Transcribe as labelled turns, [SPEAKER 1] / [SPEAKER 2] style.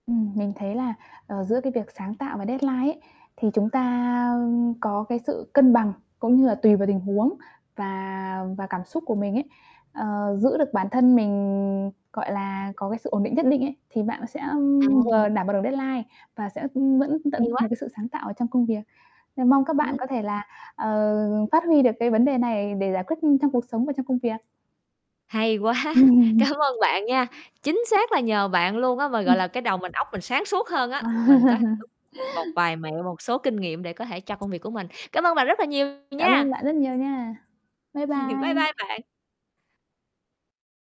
[SPEAKER 1] Ừm, mình thấy là, ờ, giữa cái việc sáng tạo và deadline ấy thì chúng ta, ưm, có cái sự cân bằng, cũng như là tùy vào tình huống và và cảm xúc của mình ấy, ờ, giữ được bản thân mình, gọi là, có cái sự ổn định nhất định ấy thì bạn sẽ
[SPEAKER 2] Ừm.
[SPEAKER 1] vừa đảm bảo được deadline và sẽ vẫn tận dụng
[SPEAKER 2] Hay
[SPEAKER 1] được
[SPEAKER 2] quá.
[SPEAKER 1] cái sự sáng tạo ở trong công việc. Nên mong các bạn
[SPEAKER 2] Ừm.
[SPEAKER 1] có thể là, ờ, phát huy được cái vấn đề này để giải quyết trong cuộc sống và trong công việc.
[SPEAKER 2] Hay quá. Cám ơn bạn nha, chính xác là nhờ bạn luôn á, mà,
[SPEAKER 1] Ừm.
[SPEAKER 2] gọi là, cái đầu mình óc mình sáng suốt hơn á,
[SPEAKER 1] Wow.
[SPEAKER 2] mình có [unintelligible] một vài mẹo, một số kinh nghiệm để có thể cho công việc của mình. Cảm ơn bạn rất là nhiều
[SPEAKER 1] Cảm
[SPEAKER 2] nha.
[SPEAKER 1] ơn bạn rất nhiều nha. Bye
[SPEAKER 2] Bye
[SPEAKER 1] bye.
[SPEAKER 2] bye bạn.